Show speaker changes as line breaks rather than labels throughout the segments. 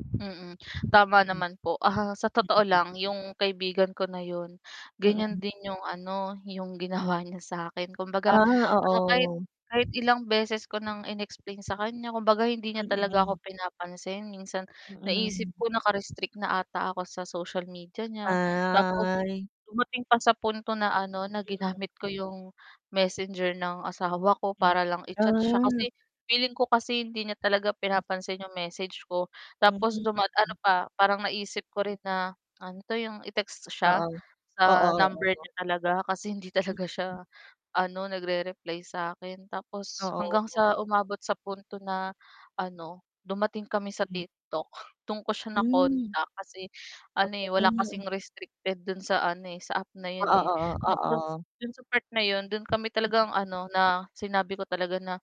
Mm. Tama
M
naman po ahaha. Sa
Mm.
totoo
Mm.
lang yung kaibigan ko na yun, ganyan
Mm.
din yung ano, yung ginawa niya sakin. Kumbaga
Ah,
ah, kahit
oo.
kahit ilang beses ko nang inexplain sa kanya, kumbaga, hindi niya talaga
Mm.
ako pinapansin, minsan naiisip
Mm.
ko naka-restrict na ata ako sa social media niya. Tapos,
Ay.
dumating pa sa punto na ano, na
[unintelligible]
ginamit ko 'yong Messenger ng asawa ko,
M
para lang i-chat siya,
Ah.
kasi feeling ko kasi hindi niya talaga pinapansin 'yong message ko. Tapos duma ano
[unintelligible]
pa, parang naisip ko rin na ano 'to, 'yong i-text siya,
Oo,
sa
oo,
number
oo.
niya talaga, kasi hindi talaga siya
[unintelligible]
ano, nagre-reply sa 'kin, tapos hanggang
Oo.
sa umabot sa punto na ano, dumating kami sa
M
TikTok, dun ko siya
Hmm.
na-contact kasi ano eh, wala
[unintelligible]
kasing restricted dun sa ano eh, sa app na
Oo.
'yon eh.
Oo.
Nako.
Oo.
Dun sa part na yun, dun kami talagang ano na, sinabi ko talaga na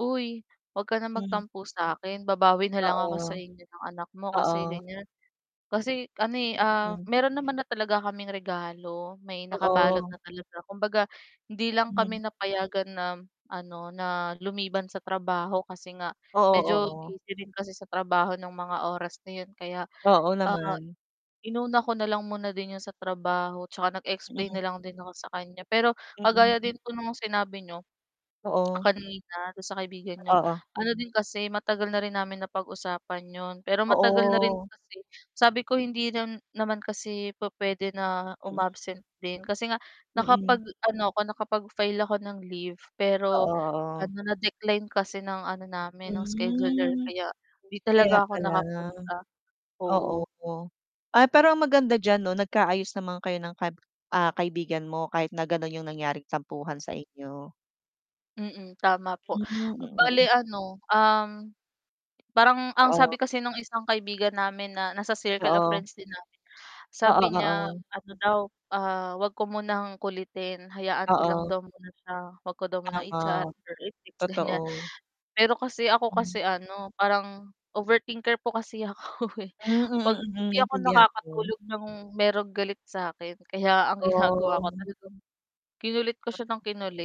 "uy huwag ka ng
Mm.
magtampo sa akin, babawi na lang ako sa
Oo.
inyo ng anak mo, kasi
Oo.
ganyan." Kasi ano eh, ah,
Mm.
meron naman na talaga kaming regalo. May nakabalot
Oh.
na talaga, kumbaga hindi lang
Hmm.
kami napayagan na ano, na lumiban sa trabaho, kasi nga
Oo
medyo
oo.
busy rin kasi sa trabaho ng mga oras na 'yon, kaya,
Oo
ah,
naman.
inuna ko na lang muna din 'yon sa trabaho, tsaka nag-explain
Mm.
na lang din ako sa kanya. Pero kagaya
Mm.
din po nung sinabi niyo,
Oo.
kanina dun sa kaibigan n'yo.
Oo.
Ano din kasi, matagal na rin namin na pag-usapan 'yon, pero matagal na rin
Oo.
kasi, sabi ko hindi naman kasi pu-puwede na
Mm.
um-absent din, kasi nga
Mm.
nakapag-ano ako, nakapag-file ako ng leave,
Oo.
pero
Oo.
ano na-decline kasi ng ano namin ng scheduler
Mm,
kaya hindi
kaya
talaga ako
pala.
nakapunta,
Oo.
oo.
ah, pero ang maganda diyan 'no nagkaayos naman kayo ng ka ah, kaibigan mo kahit na gano'n yung nangyaring tampuhan sa inyo.
Mm, tama po.
Mm, mm.
Bale ano, um, parang ang
Oo.
sabi kasi nung isang kaibigan namin na nasa circle of
Oo.
friends din namin,
Oo.
sabi niya,
Oo.
ano daw, ah, huwag ko munang kulitin hayaan ko lang
Oo.
daw muna siya. 'Wag ko daw munang i-chat,
Tama,
or i-text, ganyan.
totoo.
Pero kasi ako
Mm.
kasi ano, parang overthinker po kasi ako eh.
Hmm.
'Pag
Mm, mm,
Hindi ako
Naintindihan ko.
nakakatulog ng merong galit sa akin. Kaya ang ginagawa ko
Oo.
talagang kinulit ko siya ng kinulit.